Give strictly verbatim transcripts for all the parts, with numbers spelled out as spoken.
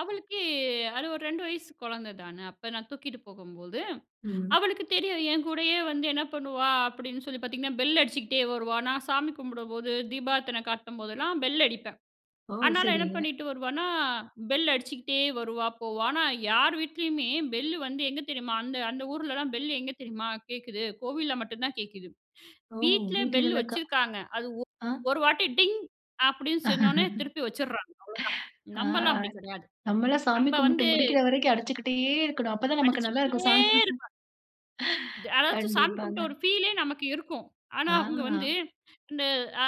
அவளுக்கு அது ஒரு ரெண்டு வயசு கொழந்த தான. அப்ப நான் தூக்கிட்டு போகும்போது, ம். அவளுக்கு தெரியும். என் கூடயே வந்து என்ன பண்ணுவா அப்படின்னு சொல்லி பாத்தீங்கன்னா, பெல் அடிச்சுகிட்டே வருவா. நான் சாமி கும்பிடும்போது, தீபார்தனை காட்டும்போதெல்லாம் பெல் அடிப்பேன். ஓ! அனால என்ன சரிங்க. பண்ணிட்டு வருவானா, பெல் அடிச்சுகிட்டே வருவா, போவா. ஆனா யார் வீட்லயுமே பெல்லு வந்து, எங்க தெரியுமா அந்த அந்த ஊர்லல்லாம் பெல்லு எங்க தெரியுமா கேக்குது? கோவில்ல மட்டுந்தான் கேக்குது. ஓ! வீட்ல பெல்லு வீட்டுங்கள்ல க வச்சிருக்காங்க. ஆ? அது ஒ ஒரு வாட்டி "டிங்" அப்படின்னு சின்னோன்னே ஆ. திருப்பி வச்சிர்றாங்க, அவ்வளோதான். நம்பெல்லாம் அப்படி கிடையாது. நம்மெல்லாம் சாமி நம்ப கும்பிட்டு வந்து முடிக்கிற வரைக்கும் அடிச்சுகிட்டே இருக்கணும். அப்ப தான் நமக்கு நல்லாருக்கும். அடிச்சிக்கிட்டே சாமி இருப்பா. த அதாச்சும் சாமி கண்டிப்பாங்க. கும்பிட்ட ஒரு ஃபீலே நமக்கு இருக்கும். ஆனா அவுங்க வந்து, ஆ. இந்த அ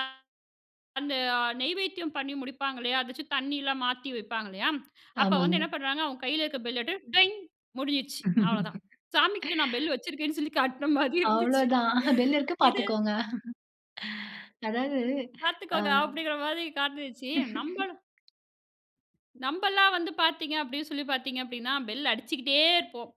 அந்த அ நெய்வேத்தியம் பண்ணி முடிப்பாங்கல்லையா? அதாச்சும் தண்ணியெல்லாம் மாத்தி வைப்பாங்க, இல்லையா? அப்போ வந்து ஆமாங்க. என்ன பண்றாங்க, அவங்க கையில இருக்க பெல்ல எட்டு "டொய்ங்" முடிஞ்சிருச்சு, அவ்வளதான். சாமிகிட்ட நான் பெல்லு வச்சிருக்கேன்னு சொல்லி காட்டுன மாரி இருந்துச்சு. அவ்வளதான். பெல் இருக்கு இது பாத்துக்கோங்க. அதாவது அ "பார்த்துக்கோங்க" அப்படிங்கிற மாரி காட்னுச்சி. நம்பள நம்பெல்லாம் வந்து பாத்தீங்க அப்படின்னு சொல்லி பாத்தீங்க அப்படின்னா, பெல் அடிச்சிக்கிட்டே இருப்போம்.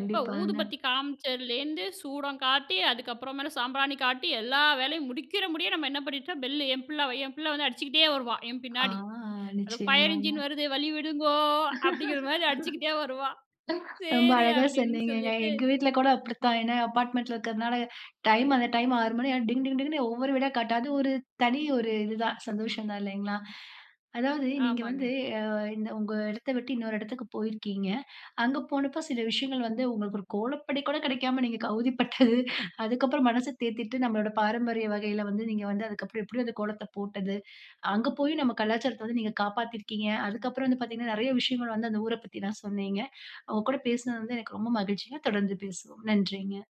எப்போ, ஊதுபத்தி காமிச்சதுலேருந்து சூடம் காட்டி, அதுக்கப்புறமேல சாம்பிராணி காட்டி, எல்லா வேலையும் முடிக்கிற முடியம், நம்ம என்ன பண்ணிட்டோம், பெல்லு என் பிள்ளை வ என் பிள்ளை வந்து அடிச்சுக்கிட்டே வருவா, என் ஆ. பின்னாடி. அது "ஃபயர் நிச்சயமாங்க. இன்ஜின் வருது, வழி விடுங்கோ" அப்படிங்கிற மாதிரி அடிச்சிக்கிட்டே வருவா. ரொம்ப "சரி" அழகா அப்படின்னு சொன்னீங்கங்க. சொல்லிட்டு. எங்க வீட்ல கூட அப்படித்தான். ஏன்னா அப்பார்ட்மெண்ட்ல இருக்கிறதுனால, டைம் அந்த டைம் ஆறு மணி ஆ டிங், டிங், டிங்ன்னு ஒவ்வொரு வீடா காட்ட அது ஒரு தனி ஒரு இது தான், சந்தோஷம் தான், இல்லைங்களா? அதாவது, நீங்க வந்து, ஆமாங்க. அ இந்த உங்க இடத்தை விட்டு இன்னொரு இடத்துக்கு போயிருக்கீங்க. அங்க போனப்ப சில விஷயங்கள் வந்து உங்களுக்கு ஒரு கோலப்பொடி கூட கெடைக்காம நீங்க கௌதிப்பட்டது. அதுக்கப்புறம் மனச தேத்திட்டு, நம்பளோட பாரம்பரிய வகையில வந்து நீங்க வந்து அதுக்கப்புறம் எப்படி அந்த கோலத்தை போட்டது. அங்க போயும் நம்ம கலாச்சாரத்த வந்து நீங்க காப்பாத்தியிருக்கீங்க. அதுக்கப்புறம் வந்து பாத்தீங்கன்னா, நெறைய விஷயங்கள் வந்து, அந்த ஊரைப் பத்தில்லாம் சொன்னீங்க. உங்க கூட பேசினது வந்து எனக்கு ரொம்ப மகிழ்ச்சிங்க, தொடர்ந்து பேசுவோம். நன்றிங்க.